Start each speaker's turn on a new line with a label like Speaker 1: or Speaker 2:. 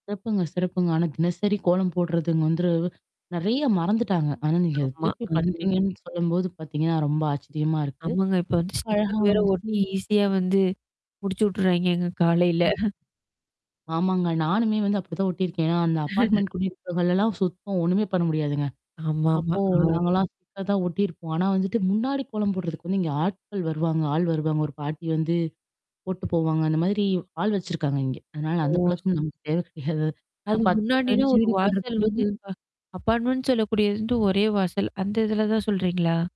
Speaker 1: சிறப்புங்க சிறப்புங்க. ஆனா, தினசரி கோலம் போடுறதுங்க வந்து நெறையா மறந்துட்டாங்க. ஆனா, நீங்க திருப்பி
Speaker 2: [unintelligible]
Speaker 1: பண்றீங்கன்னு சொல்லும்போது பாத்தீங்கன்னா ரொம்ப ஆச்சரியமா இருக்கு.
Speaker 2: ஆமாங்க, இப்ப வந்து ஸ்டிக்கர் வேற
Speaker 1: அழகாவும் இருக்கு.
Speaker 2: ஒட்டி ஈஸியா வந்து முடிச்சு விட்டுர்றாய்ங்கங்க காலையில.
Speaker 1: [unintelligible] ஆமாங்க, நானுமே வந்து அப்படித்தான் ஒட்டியிருக்கேன். அந்த அப்பார்ட்மென்ட் குடியே இருக்குறவங்கள் எல்லாம் சுத்தம் ஒண்ணுமே பண்ண முடியாதுங்க.
Speaker 2: ஆமாமா
Speaker 1: அப்போ
Speaker 2: ஆ.
Speaker 1: நாங்க எல்லாம் ஸ்டிக்கர் தான் ஒட்டியிருப்போம். ஆனா வந்துட்டு முன்னாடி கோலம் போடுறதுக்கு வந்து இங்க ஆட்கள் வருவாங்க ஆள் வருவாங்க. ஒரு பாட்டி வந்து போட்டுட்டு போவாங்க. அந்த மாதிரி ஆள் வச்சிருக்காங்க இங்க. அதனால அந்த
Speaker 2: ஓ.
Speaker 1: பழக்கம் நமக்குத் தேவை கிடையாது அது ஏன்னா
Speaker 2: அது
Speaker 1: 10,
Speaker 2: முன்னாடின்னா,
Speaker 1: 15
Speaker 2: ஒரு
Speaker 1: வீடுகள்
Speaker 2: வாசல் வந்து
Speaker 1: இருக்கும்போது
Speaker 2: இப்ப அபார்ட்மெண்ட் சொல்லக்கூடியது வந்து ஒரே வாசல், அந்த இதுலதான் சொல்றீங்களா?